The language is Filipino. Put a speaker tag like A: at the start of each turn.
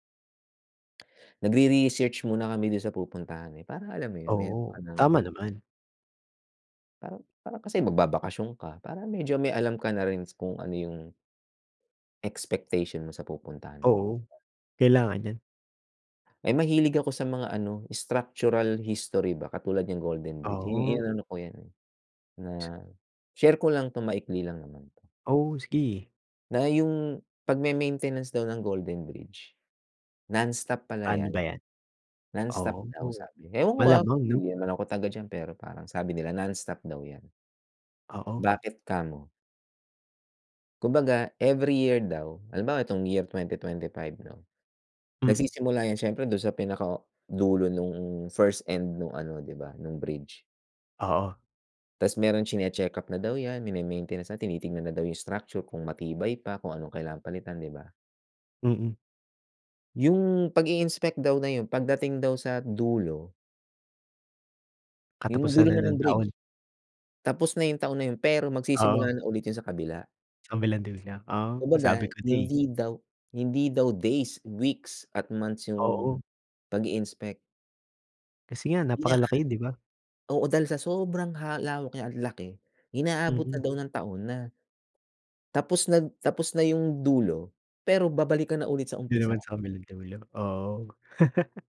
A: Nagre-research muna kami dun sa pupuntahan, eh, para alam mo yun, meron ka
B: Oo.
A: ng
B: Tama naman.
A: Parang parang kasi magbabakasyon ka. Parang medyo may alam ka na rin kung ano yung expectation mo sa pupuntahan mo.
B: Oo. Kailangan 'yan.
A: Eh, mahilig ako sa mga ano, structural history ba katulad niyang Golden Bridge. I
B: Ah.
A: inaano ko 'yan, na share ko lang 'to, maikli lang naman 'to.
B: Oo, sige.
A: Na yung pagme-maintenance daw ng Golden Bridge, nonstop pala
B: Pa'no
A: 'yan.
B: ba 'yan?
A: Nonstop
B: Oo.
A: daw sabi. Ewan ko, ah,
B: Malamang 'no.
A: di naman ako taga diyan, pero parang sabi nila nonstop daw 'yan.
B: Oo.
A: Bakit kamo? Kumbaga, every year daw, halimbawa 'etong year 2025 'no.
B: Hmm.
A: Nagsisimula 'yan siyempre dun sa pinakadulo nung first end nung ano, di ba, nung bridge.
B: Oo.
A: Tas meron tsine-check-up na daw 'yan, mine-maintenance na, tinitingnan na daw yung structure kung matibay pa, kung anong kailangan palitan, di ba?
B: Mm.
A: 'Yung pag-i-inspect daw na yun pagdating daw sa dulo Yung dulo
B: Katapusan na
A: na ng
B: ng
A: bridge.
B: taon.
A: Tapos na yung taon na yun, pero
B: Oo.
A: magsisimula na ulit yun sa kabila.
B: Sa kabilang dulo? Ah,
A: Kumbaga
B: sabi ko na, eh.
A: hindi daw hindi daw days, weeks at months yung
B: Oo.
A: pag-i-inspect.
B: Kasi nga
A: Na
B: napakalaki, di ba?
A: oo, dahil sa sobrang ha lawak niya at laki, inaabot na
B: Mm.
A: daw ng taon na tapos na tapos na yung dulo, pero babalik ka na ulit sa
B: Dun naman
A: umpisa.
B: sa kabilang dulo, oo.